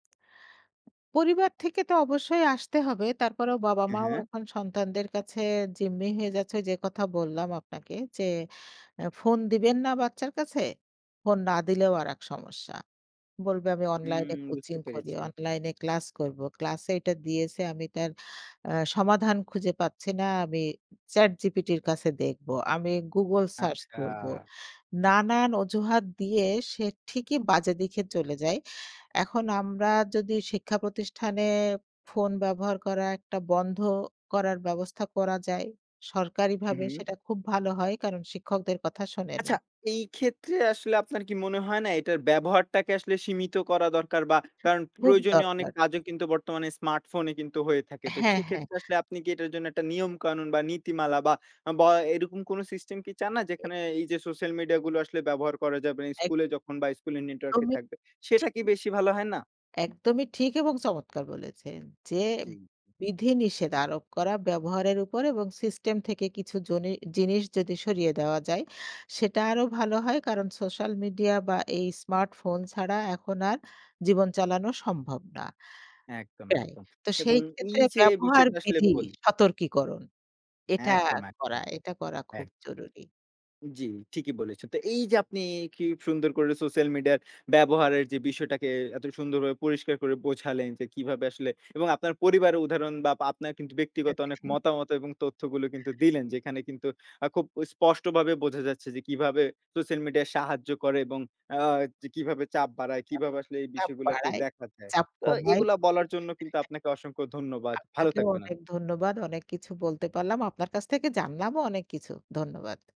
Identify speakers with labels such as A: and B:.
A: পরিবার থেকে তো অবশ্যই আসতে হবে। তারপরেও
B: অ্যা
A: বাবা-মাও
B: হ্যাঁ।
A: এখন সন্তানদের কাছে জিম্মি হয়ে যাচ্ছে। ঐ যে কথা বললাম আপনাকে যে, আ ফোন দিবেন না বাচ্চার কাছে। ফোন না দিলেও আরেক সমস্যা। বলবে আমি
B: হুম,
A: অনলাইনে
B: বুঝতে
A: কোচিং করি,
B: পেরেছি।
A: অনলাইনে ক্লাস করব। ক্লাসে এটা দিয়েছে আমি তার আ সমাধান খুঁজে পাচ্ছি না। আমি চ্যাট জিপিটির কাছে দেখব। আমি গুগল সার্চ করব।
B: আচ্ছা!
A: নানান অজুহাত দিয়ে সে ঠিকই বাজে দিকে চলে যায়। এখন আমরা যদি শিক্ষা প্রতিষ্ঠানে ফোন ব্যবহার করা একটা বন্ধ করার ব্যবস্থা করা যায়
B: হূ,
A: সরকারিভাবে
B: হূ।
A: সেটা খুব ভালো হয়। কারণ, শিক্ষকদের কথা শোনে না।
B: আচ্ছা, এই ক্ষেত্রে আসলে আপনার কি মনে হয় না এটার ব্যবহারটাকে আসলে সীমিত করা দরকার। বা কারণ
A: খুব
B: প্রয়োজনীয় অনেক
A: দরকার।
B: কাজও কিন্তু বর্তমানে স্মার্টফোনে কিন্তু হয়ে থাকে। তো
A: হ্যাঁ, হ্যাঁ।
B: সেক্ষেত্রে আসলে আপনি কি এটার জন্য একটা নিয়মকানুন বা নীতিমালা। আ বা এরকম কোনো সিস্টেম কি চান না? যেখানে এই যে সোশ্যাল মিডিয়া গুলো আসলে ব্যবহার করা যাবে না
A: এক
B: স্কুলে যখন, বা স্কুলের নেটওয়ার্কে
A: -দমই,
B: থাকবে। সেটা
A: ঠিক।
B: কি বেশি ভালো হয় না?
A: একদমই ঠিক এবং চমৎকার বলেছেন যে,
B: ঠিক।
A: বিধিনিষেধ আরোপ করা ব্যবহারের উপর। এবং সিস্টেম থেকে কিছু জনি জিনিস যদি সরিয়ে দেওয়া যায় সেটা আরো ভালো হয়। কারণ সোশ্যাল মিডিয়া বা এই স্মার্টফোন ছাড়া এখন আর জীবন চালানো সম্ভব না।
B: একদম,
A: তাই,
B: একদম
A: তো
B: এবং
A: সেই ক্ষেত্রে
B: এই যে
A: ব্যবহার
B: বিষয়টা আসলে
A: বিধি
B: বলি।
A: সতর্কীকরণ। এটা
B: একদম,
A: করা
B: একদম।
A: এটা করা খুব
B: একদম।
A: জরুরি।
B: জ্বী, ঠিকই বলেছেন। তো এই যে আপনি কি সুন্দর করে সোশ্যাল মিডিয়া ব্যবহারের যে বিষয়টাকে এত সুন্দরভাবে পরিষ্কার করে বোঝালেন। যে কিভাবে আসলে এবং আপনার পরিবারের উদাহরণ বা আপ আপনার কিন্তু ব্যক্তিগত অনেক
A: আচ্ছা।
B: মতামত এবং তথ্যগুলো কিন্তু দিলেন। যেখানে কিন্তু খুব স্পষ্টভাবে বোঝা যাচ্ছে যে কিভাবে সোশ্যাল মিডিয়া সাহায্য করে। এবং আ ক কিভাবে চাপ বাড়ায়
A: চাপ,
B: কিভাবে আসলে এই
A: চাপ
B: বিষয়গুলোকে
A: বাড়ায়,
B: দেখা যায়।
A: চাপ
B: তো
A: কমায়
B: এগুলো বলার জন্য কিন্তু
A: [unintelligible]
B: আপনাকে অসংখ্য ধন্যবাদ। ভালো
A: আপনাকেও
B: থাকবেন আপনি।
A: অনেক ধন্যবাদ। অনেক কিছু বলতে পারলাম। আপনার কাছ থেকে জানলামও অনেক কিছু। ধন্যবাদ।